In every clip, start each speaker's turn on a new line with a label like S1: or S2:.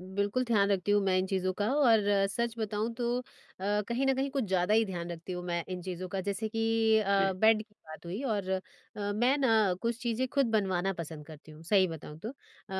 S1: बिल्कुल ध्यान रखती हूँ मैं इन चीज़ों का और सच बताऊँ तो अ, कहीं न कहीं कुछ ज़्यादा ही ध्यान रखती हूँ मैं इन चीज़ों का। जैसे कि अ,
S2: जी।
S1: बेड की बात हुई और अ, मैं ना कुछ चीज़ें खुद बनवाना पसँद करती हूँ सही बताऊँ तो। अ,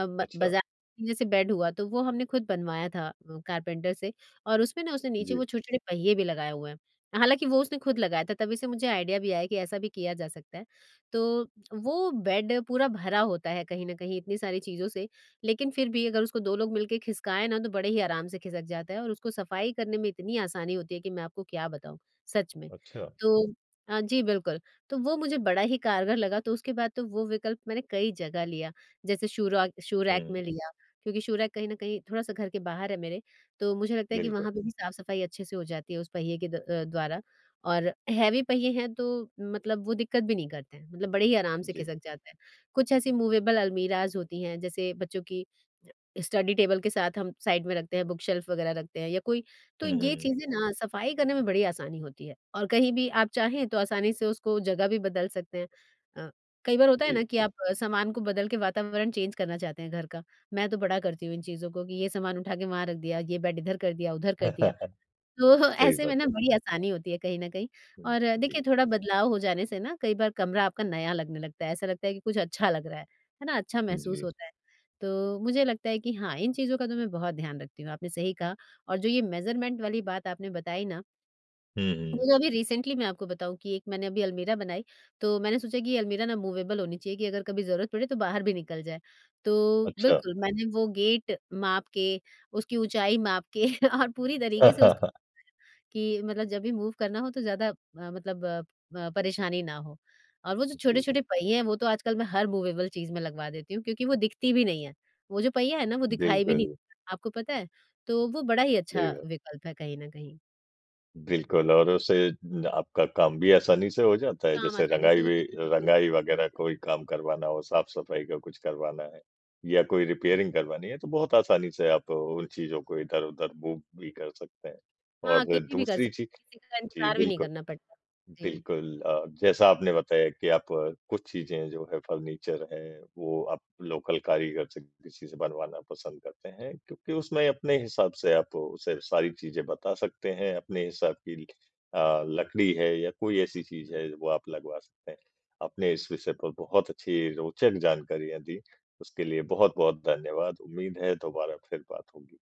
S1: ब
S2: अच्छा।
S1: बाज़ा ये सब बेड हुआ तो वो हमने खुद बनवाया था अ, कारपेंटर से और उसमें ना उसने नीचे
S2: जी।
S1: वो छोटे-छोटे पहिये भी लगाए हुए हैं। हालाँकि वो उसने खुद लगाया था, तभी से मुझे आइडिया भी आया कि ऐसा भी किया जा सकता है। तो वो बेड पूरा भरा होता है कहीं न कहीं इतनी सारी चीज़ों से लेकिन फिर भी अगर उसको 2 लोग मिलकर खिसकाएँ ना तो बड़े ही आराम से खिसक जाता है और उसको सफ़ाई करने में इतनी आसानी होती है कि मैं आपको क्या बताऊँ, सच में।
S2: अच्छा।
S1: तो अ, जी बिल्कुल। तो वो मुझे बड़ा ही कारगर लगा तो उसके बाद तो वो विकल्प मैंने कई जगह लिया। जैसे शू रक शू रैक
S2: हुँ।
S1: में लिया क्योंकि शू रैक कहीं न कहीं थोड़ा-सा घर के बाहर है मेरे तो मुझे लगता है कि
S2: बिल्कुल।
S1: वहाँ पे भी साफ-सफ़ाई अच्छे से हो जाती है उस पहिए के द अ, द्वारा। और हैवी पहिए हैं तो मतलब वो दिक्कत भी नहीं करते हैं, मतलब बड़े ही आराम से
S2: जी।
S1: खिसक जाते हैं। कुछ ऐसी मूवेबल अलमीराज़ होती हैं जैसे बच्चों की ज स्टडी टेबल के साथ हम साइड में रखते हैं बुक शेल्फ़ वगैरह रखते हैं या कोई तो
S2: हुँ,
S1: ये
S2: हुँ।
S1: चीज़ें ना सफ़ाई करने में बड़ी आसानी होती है। और कहीं भी आप चाहें तो आसानी से उसको जगह भी बदल सकते हैं। अ, कई बार होता है ना
S2: जी।
S1: कि आप सामान को बदल के अ, वातावरण चेंज करना चाहते हैं घर का। मैं तो बड़ा करती हूँ इन चीज़ों को कि ये सामान उठा के वहाँ रख दिया, ये बेड इधर कर दिया, उधर कर दिया। तो
S2: सही
S1: ऐसे में
S2: बात
S1: ना
S2: है।
S1: बड़ी आसानी होती है कहीं न कहीं।
S2: हुँ,
S1: और अ, देखिए
S2: जी।
S1: थोड़ा बदलाव हो जाने से ना कई बार कमरा आपका नया लगने लगता है, ऐसा लगता है कि कुछ अच्छा लग रहा है। है ना, अच्छा महसूस
S2: जी।
S1: होता है। तो मुझे लगता है कि हाँ, इन चीज़ों का तो मैं बहुत ध्यान रखती हूँ आपने सही कहा। और जो ये मेज़रमेंट वाली बात आपने बताई ना
S2: हुँ, हुँ।
S1: वो अभी रिसेंटली मैं आपको बताऊँ कि एक मैंने अभी अलमीरा बनाई तो मैंने सोचा कि ये अलमीरा ना मूवेबल होनी चाहिए कि अगर कभी ज़रूरत पड़े तो बाहर भी निकल जाए। तो
S2: अच्छा।
S1: बिल्कुल मैंने वो गेट माप के उसकी ऊँचाई माप के और पूरी तरीके से उसको [unintelligible] कि मतलब जब भी मूव करना हो तो ज़्यादा अ, मतलब अ अ, परेशानी ना हो। और वो जो
S2: जी।
S1: छोटे-छोटे पहिए हैं वो तो आजकल मैं हर मूवेबल चीज़ में लगवा देती हूँ क्योंकि वो दिखती भी नहीं है। वो जो पहिया है ना वो दिखाई भी नहीं
S2: बिल्कुल।
S1: आपको पता है। तो वो बड़ा ही अच्छा
S2: देगा।
S1: विकल्प है कहीं न कहीं।
S2: बिल्कुल और उससे द आपका काम भी आसानी से हो जाता है।
S1: काम
S2: जैसे
S1: आसानी से
S2: रँगाई
S1: हो
S2: भी अ,
S1: जाता है कभी,।
S2: रँगाई वगैरह
S1: [unintelligible]
S2: कोई काम करवाना हो, साफ़-सफ़ाई का कुछ करवाना है या कोई
S1: के।
S2: रिपेयरिंग करवानी है तो बहुत आसानी से आप उन चीज़ों को इधर-उधर मूव भी कर सकते हैं।
S1: हाँ,
S2: और
S1: अकेली भी कर
S2: दूसरी
S1: सकते
S2: चीज़
S1: हैं। किसी का
S2: जी,
S1: इंतजार भी नहीं
S2: बिल्कुल।
S1: करना पड़ता। जी।
S2: बिल्कुल अ, जैसा आपने बताया कि आप कुछ चीज़ें जो है फर्नीचर हैं वो आप लोकल कारीगर से किसी से बनवाना पसँद करते हैं क्योंकि उसमें अपने हिसाब से आप उसे सारी चीज़ें बता सकते हैं अपने हिसाब की अ, लकड़ी है या कोई ऐसी चीज़
S1: बिल्क
S2: है वो आप लगवा सकते हैं। आपने इस विषय पर बहुत अच्छी रोचक जानकारियाँ दीं। उसके लिए बहुत-बहुत धन्यवाद। उम्मीद है दोबारा फिर बात होगी।